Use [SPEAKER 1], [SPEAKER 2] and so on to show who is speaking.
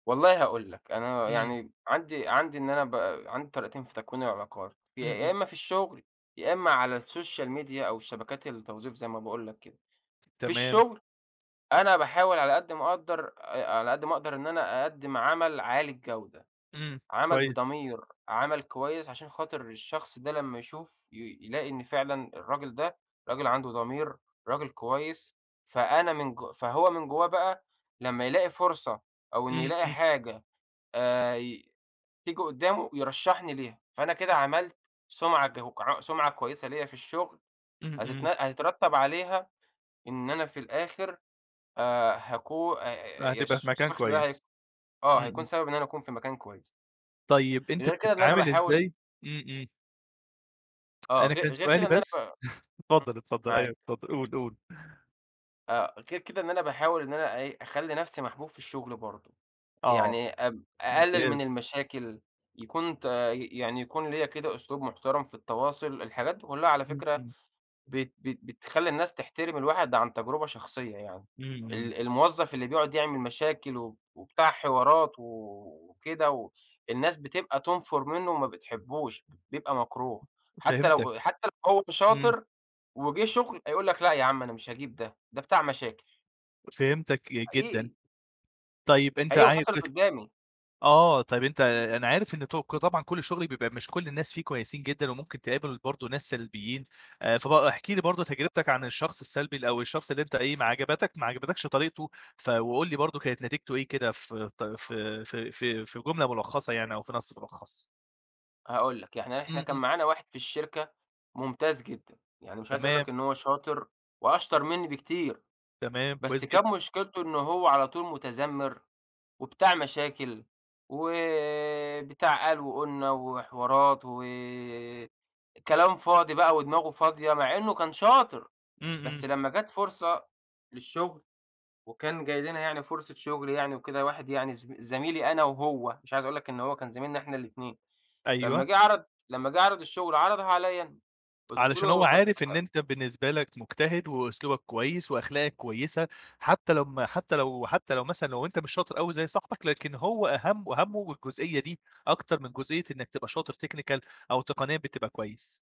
[SPEAKER 1] والله هاقول لك أنا
[SPEAKER 2] إمم.
[SPEAKER 1] يعني عندي عندي إن أنا ب عندي طريقتين في تكوين العلاقات،
[SPEAKER 2] إمم،
[SPEAKER 1] يا
[SPEAKER 2] إمم.
[SPEAKER 1] إمّا في الشغل، يا إمّا على السوشيال ميديا أو الشبكات التوظيف زي ما باقول لك كده. في
[SPEAKER 2] تمام.
[SPEAKER 1] الشغل: أنا باحاول على قدّ ما اقدّر، آآ، على قدّ ما اقدر إن أنا أقدّم عمل عالي الجودة،
[SPEAKER 2] إمم،
[SPEAKER 1] عمل
[SPEAKER 2] كويس.
[SPEAKER 1] بضمير، عمل كويس، عشان خاطر الشخص ده لمّا يشوف ي يلاقي إن فعلًا الراجل ده راجل عنده ضمير، راجل كويس، فأنا من جو فهو من جوّاه بقى لمّا يلاقي فرصة أو إن
[SPEAKER 2] إمم،
[SPEAKER 1] يلاقي
[SPEAKER 2] إمم.
[SPEAKER 1] حاجة آآ، ي تيجي قدّامه يرشحني ليها، فأنا كده عملت سُمعة كو ع سُمعة كويسة ليّا في الشغل،
[SPEAKER 2] إمم،
[SPEAKER 1] هتتن
[SPEAKER 2] إمم.
[SPEAKER 1] هيترتب عليها إن أنا في الآخر آآ، هاكو آآ، يا
[SPEAKER 2] وهتبقى في
[SPEAKER 1] الش
[SPEAKER 2] مكان
[SPEAKER 1] الشخص ده
[SPEAKER 2] كويس.
[SPEAKER 1] هي آه
[SPEAKER 2] إمم،
[SPEAKER 1] هيكون
[SPEAKER 2] إمم.
[SPEAKER 1] سبب إن أنا اكون في مكان كويس.
[SPEAKER 2] طيب أنت
[SPEAKER 1] غير كده إن أنا
[SPEAKER 2] بتتعامل
[SPEAKER 1] باحاول
[SPEAKER 2] إزاي إمم، إمم.
[SPEAKER 1] آه
[SPEAKER 2] أنا
[SPEAKER 1] غي
[SPEAKER 2] كان
[SPEAKER 1] غير
[SPEAKER 2] سؤالي
[SPEAKER 1] كده إن أنا ف
[SPEAKER 2] بس
[SPEAKER 1] إمم،
[SPEAKER 2] اتفضل اتفضل، أيوه
[SPEAKER 1] معاك.
[SPEAKER 2] اتفضل قُل، قُل.
[SPEAKER 1] آآ، غير كده إن أنا باحاول إن أنا أ إيه، أخلّي نَفسي محبوب في الشغل برضو،
[SPEAKER 2] آه.
[SPEAKER 1] يعني أب أقلل من
[SPEAKER 2] ممتاز.
[SPEAKER 1] المشاكل، يكون تا ي يعني يكون ليّا كده أسلوب محترم في التواصل، الحاجات دي كلّها على
[SPEAKER 2] إمم،
[SPEAKER 1] فكرة
[SPEAKER 2] إمم.
[SPEAKER 1] بت بت بتخلّي الناس تحترم الواحد عن تجربة شخصية يعني،
[SPEAKER 2] إمم، إمم.
[SPEAKER 1] ال الموظف اللي بيقعُد يعمل مشاكل وب وبتاع حوارات و وكده، و الناس بتبقى تنفُر منُّه وما بتحبوش، بيبقى مكروه، حتى
[SPEAKER 2] فهمتك،
[SPEAKER 1] لو أ أ حتى لو هو
[SPEAKER 2] إمم.
[SPEAKER 1] شاطر، وجِه شغل هيقول لك لأ يا عم أنا مش هاجيب ده، ده بتاع مشاكل.
[SPEAKER 2] فهمتك جدًا.
[SPEAKER 1] حقيقي.
[SPEAKER 2] طيب أنت
[SPEAKER 1] حقيقي
[SPEAKER 2] عاي
[SPEAKER 1] وحصلت
[SPEAKER 2] بخ
[SPEAKER 1] قدّامي.
[SPEAKER 2] آه، طب أنت أنا عارف إن توك طبعًا كُلّ الشغل بيبقى مش كُلّ الناس فيه كويسين جدًا، وممكن تقابل برضو ناس سلبيين، آآ، فب احكِ لي برضو تجربتك عن الشخص السلبي ال أو الشخص اللي أنت إيه ما عجبتك ما عجبتكش طريقته، ف وقُل لي برضو كانت نتيجته إيه كده فت في في في في جملة ملخَّصة يعني أو في نَص ملخص؟
[SPEAKER 1] هاقول لك، يعني إحنا
[SPEAKER 2] إمم،
[SPEAKER 1] كان
[SPEAKER 2] إمم.
[SPEAKER 1] معانا واحد في الشركة ممتاز جدًا، يعني مش عايز اقول لك
[SPEAKER 2] تمام.
[SPEAKER 1] إن هو شاطر وأشطر منّي بكتير،
[SPEAKER 2] تمام
[SPEAKER 1] بس
[SPEAKER 2] كويس
[SPEAKER 1] كان
[SPEAKER 2] جدًا.
[SPEAKER 1] مشكلته إن هو على طول مُتذمّر وبتاع مشاكل، وبتاع قال وقُلنا وحوارات و كلام فاضي بقى ودماغه فاضية، مع إنه كان شاطر،
[SPEAKER 2] إمم،
[SPEAKER 1] بس
[SPEAKER 2] إمم.
[SPEAKER 1] لمّا جات فرصة للشغل وكان جاي لنا يعني فرصة شغل يعني وكده، واحد يعني زم زميلي أنا وهو مش عايز اقول لك إن هو كان زميلنا إحنا الاتنين، لمّا
[SPEAKER 2] أيوه.
[SPEAKER 1] جِه عرض لمّا جِه عرض الشغل عرضها عليَّ أنا، قُلت
[SPEAKER 2] علشان
[SPEAKER 1] له
[SPEAKER 2] هو
[SPEAKER 1] طب
[SPEAKER 2] عارف إن
[SPEAKER 1] ها
[SPEAKER 2] أنت بالنسبة لك مجتهد، وأسلوبك كويس، وأخلاقك كويسة، حتى لمّا حتى لو حتى لو مثلًا لو أنت مش شاطر أوي زي صاحبك، لكن هو أهَم وهمّه الجزئية دي أكتر من جزئية إنّك تبقى شاطر technical أو تقنيًا بتبقى كويس.